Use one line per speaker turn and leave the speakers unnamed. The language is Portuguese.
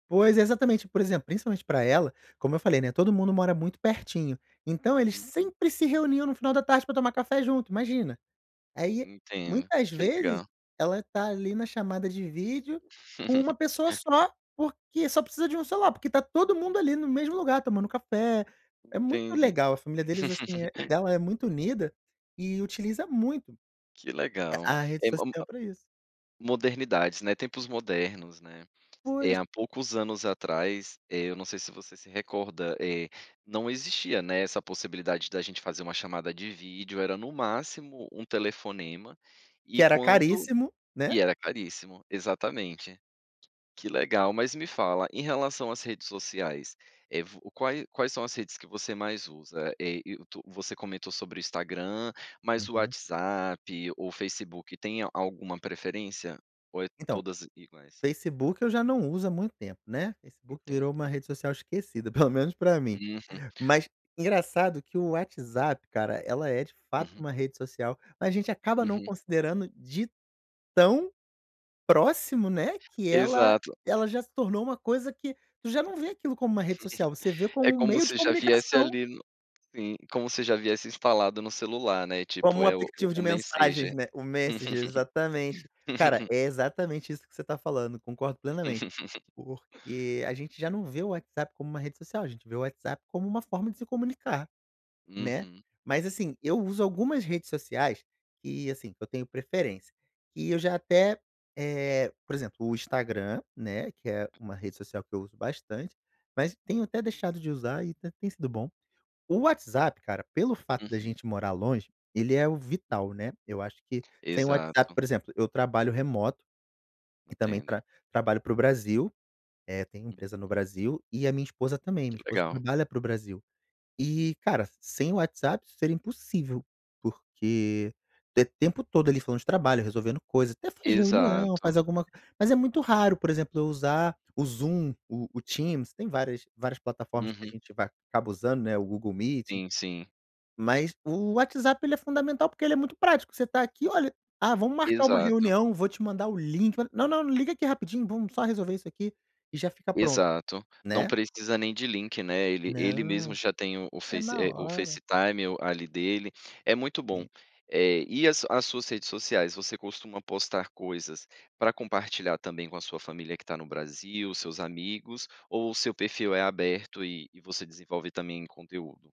Pois, é exatamente, por exemplo, principalmente pra ela, como eu falei, né, todo mundo mora muito pertinho, então eles
Uhum.
sempre se reuniam no final da tarde pra tomar café junto, imagina. Aí,
Entendo,
muitas
que
vezes,
legal.
ela tá ali na chamada de vídeo, com uma pessoa só, porque só precisa de um celular, porque tá todo mundo ali no mesmo lugar tomando café, é muito
Entendi.
legal, a família deles, assim dela é muito unida, e utiliza muito,
Que legal.
a a rede
É mo
social
a
pra isso.
modernidades, né, tempos modernos, né.
Pois.
Há poucos anos atrás, eu não sei se você se recorda, não existia, né, essa possibilidade da gente fazer uma chamada de vídeo, era no máximo um telefonema, e
Que era
quando,
caríssimo, né?
e era caríssimo, exatamente. Que legal, mas me fala, em relação às redes sociais, eh, vu quais quais são as redes que você mais usa? Eh, Youtu você comentou sobre o Instagram, mas o
Uhum.
WhatsApp ou Facebook, tem a alguma preferência ou é
Então,
todas iguais?
facebook eu já não uso há muito tempo, né, Facebook virou
Entendo.
uma rede social esquecida pelo menos pra mim,
Uhum.
mas engraçado que o WhatsApp cara, ela é de fato
Uhum.
uma rede social, mas a gente acaba não
Uhum.
considerando de tão próximo, né, que ela
Exato.
ela já se tornou uma coisa que tu já não vê aquilo como uma rede social, você vê como
É
um
como
meio de
se já viesse
comunicação.
ali no sim, como se já viesse instalado no celular, né,
Como
tipo
um
é o
aplicativo de
o messenger.
mensagens, né, o Menssager, exatamente. Cara, é exatamente isso que você tá falando, concordo plenamente. Porque a gente já não vê o WhatsApp como uma rede social, a gente vê o WhatsApp como uma forma de se comunicar, né.
Uhum.
Mas, assim, eu uso algumas redes sociais que, assim, eu tenho preferência, que eu já até, eh, por exemplo, o Instagram, né, que é uma rede social que eu uso bastante, mas tenho até deixado de usar e até tem sido bom. O WhatsApp cara, pelo fato da
Uhum.
gente morar longe, ele é o vital, né, eu acho que sem o WhatsApp
Exato.
por exemplo, eu trabalho remoto, que também
Entendo.
tra trabalho para o Brasil, eh, tenho empresa no
Uhum.
Brasil, e a minha esposa também,
Que
minha esposa
legal.
trabalha para o Brasil. E cara, sem o WhatsApp isso seria impossível, porque te tempo todo ali falando de trabalho, resolvendo coisa, até faz reunião,
Exato.
faz alguma, mas é muito raro, por exemplo, eu usar o Zoom, o o Teams, tem várias várias plataformas que a
Uhum.
gente vai acaba usando, né, o Google Meeting.
Sim, sim.
Mas o WhatsApp ele é fundamental, porque ele é muito prático, você tá aqui: "Olha, ah, vamos marcar uma
Exato.
reunião, vou te mandar o link, olha, não, não não liga aqui rapidinho, vamos só resolver isso aqui e já fica pronto",
Exato, não
né?
precisa nem de link, né, ele ele
Não,
mesmo já tem o
é
face
na
o
hora.
facetime ali dele, é muito bom.
Sim.
E as as suas redes sociais, você costuma postar coisas para compartilhar também com a sua família que tá no Brasil, seus amigos, ou o seu perfil é aberto e e você desenvolve também conteúdo?